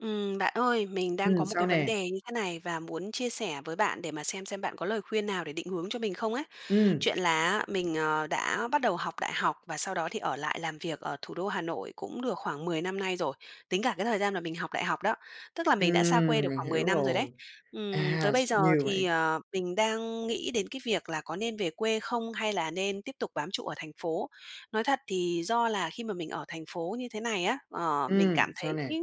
Ừm, bạn ơi, mình đang Ừm, có một sao cái vấn nè? đề như thế này và muốn chia sẻ với bạn để mà xem xem bạn có lời khuyên nào để định hướng cho mình không ấy. Ừm. Chuyện là á mình, ờ, đã bắt đầu học đại học và sau đó thì ở lại làm việc ở thủ đô Hà Nội cũng được khoảng 10 năm nay rồi, tính cả cái thời gian mà mình học đại học đó, tức là mình đã xa quê Ừm, được mình khoảng hiểu 10 năm rồi đấy, rồi. ừm, tới À, s bây giờ nhiều thì, vậy? ờ, mình đang nghĩ đến cái việc là có nên về quê không, hay là nên tiếp tục bám trụ ở thành phố? Nói thật thì do là khi mà mình ở thành phố như thế này á, ờ, mình cảm Ừm, sao thấy, nè?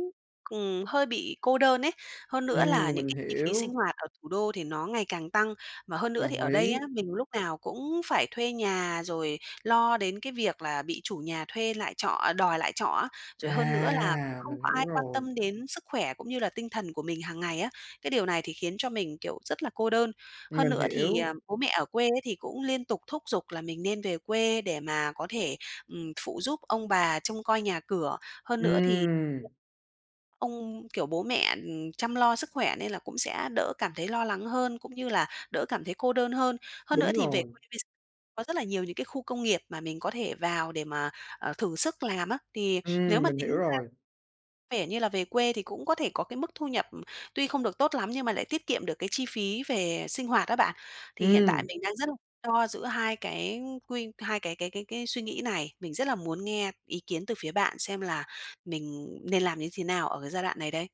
ừm, hơi bị cô đơn ấy, hơn nữa là Ừm, những mình cái chi phí hiểu. sinh hoạt ở thủ đô thì nó ngày càng tăng, mà hơn nữa thì Đồng ở ý. đây á, mình lúc nào cũng phải thuê nhà, rồi lo đến cái việc là bị chủ nhà thuê lại trọ, đòi lại trọ á. Rồi hơn nữa là cũng À! không Mình có hiểu ai quan rồi. tâm đến sức khỏe cũng như là tinh thần của mình hằng ngày á, cái điều này thì khiến cho mình, kiểu, rất là cô đơn. Hơn Mình nữa thì, hiểu. à, bố mẹ ở quê á thì cũng liên tục thúc giục là mình nên về quê để mà có thể, ừm, phụ giúp ông bà trông coi nhà cửa, hơn nữa thì Ừm. ông kiểu, bố mẹ, ừm, chăm lo sức khỏe nên là cũng sẽ đỡ cảm thấy lo lắng hơn, cũng như là đỡ cảm thấy cô đơn hơn. Hơn nữa Đúng thì về rồi. quê bây gi có rất là nhiều những cái khu công nghiệp mà mình có thể vào để mà, ờ, thử sức làm á, thì nếu Ừm, mà mình tính hiểu ra rồi. vẻ như là về quê thì cũng có thể có cái mức thu nhập tuy không được tốt lắm, nhưng mà lại tiết kiệm được cái chi phí về sinh hoạt á bạn. Thì hiện tại Ừm. mình đang rất là lo giữa hai cái quy hai cái cái cái cái suy nghĩ này, mình rất là muốn nghe ý kiến từ phía bạn xem là mình nên làm như thế nào ở cái giai đoạn này đây?